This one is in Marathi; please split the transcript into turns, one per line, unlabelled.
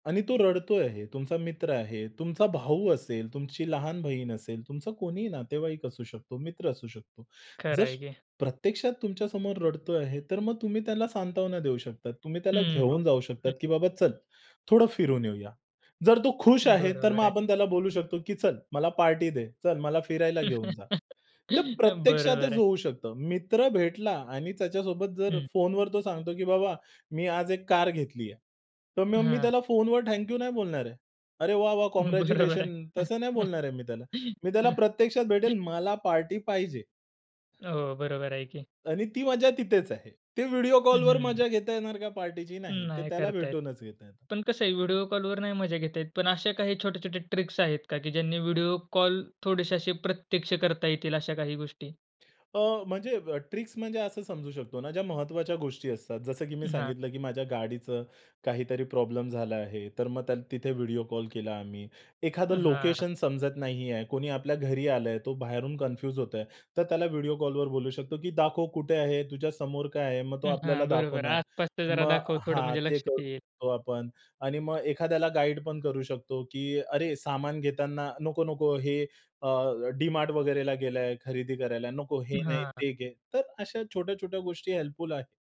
आणि तो रडतो आहे, तुमचा मित्र आहे, तुमचा भाऊ असेल, तुमची लहान बहीण असेल, तुमचा कोणीही नातेवाईक असू शकतो, मित्र असू शकतो.
खरं
जर
आहे की.
प्रत्यक्षात तुमच्यासमोर रडतो आहे, तर मग तुम्ही त्याला सांत्वना देऊ शकतात. तुम्ही त्याला
हं,
घेऊन जाऊ शकतात,
हं.
की बाबा चल थोडं फिरून येऊया. जर तो खुश आहे तर मग
बरोबर आहे.
आपण त्याला बोलू शकतो, की चल मला पार्टी दे. चल मला फिरायला घेऊन जा. तर
बरोबर
प्रत्यक्षातच
आहे.
होऊ शकतो. मित्र भेटला आणि त्याच्यासोबत जर
हं.
फोनवर तो सांगतो, "की बाबा मी आज एक कार घेतली आहे." तर मग मी
हां.
त्याला फोनवर थँकयू नाही बोलणार आहे. अरे वाह, वाह!
बरोबर आहे.
काँग्रॅच्युलेशन तसं नाही बोलणार आहे मी त्याला. मी त्याला प्रत्यक्षात भेटेल, मला पार्टी पाहिजे.
हो. बरोबर आहे की.
आणि ती मजा तिथेच आहे. ते व्हिडिओ
हं,
कॉलवर
हं.
मजा घेता येणार का पार्टीची? नाही ते
नाही
त्याला
करत आहेत.
भेटूनच घेता येते.
पण कस आहे व्हिडिओ कॉलवर नाही मजा घेता येत, पण अशा काही छोटे-छोटे ट्रिक्स आहेत का की ज्यांनी व्हिडिओ कॉल थोडेसे असे प्रत्यक्ष करता येतील अशा काही गोष्टी?
अ, म्हणजे ट्रिक्स म्हणजे असं समजू शकतो ना ज्या महत्वाच्या गोष्टी असतात. जसं की मी
हां.
सांगितलं, की माझ्या गाडीचं काहीतरी प्रॉब्लेम झाला आहे. तर मग त्याल तिथे व्हिडिओ कॉल केला आम्ही, एखादं
हां.
लोकेशन समजत नाही आहे. कोणी आपल्या घरी आलंय तो बाहेरून कन्फ्यूज होतो आहे. तर त्याला व्हिडिओ कॉलवर बोलू शकतो, की "दाखव कुठे आहे? तुझ्या समोर काय आहे?" मग तो आपल्याला
हां, बरोबर
दाखवणार.
आसपासच जरा
मग
दाखव थोडं.
हां
म्हणजे
ते करू
लक्षात येईल.
शकतो आपण आणि मग एखाद्याला गाईड पण करू शकतो, की अरे सामान घेताना, नको-नको हे अ, डी-मार्ट वगैरेला गेला आहे. खरेदी करायला नको, हे नाही
हां.
ते घे. तर अशा छोट्या छोट्या गोष्टी हेल्पफुल आहे.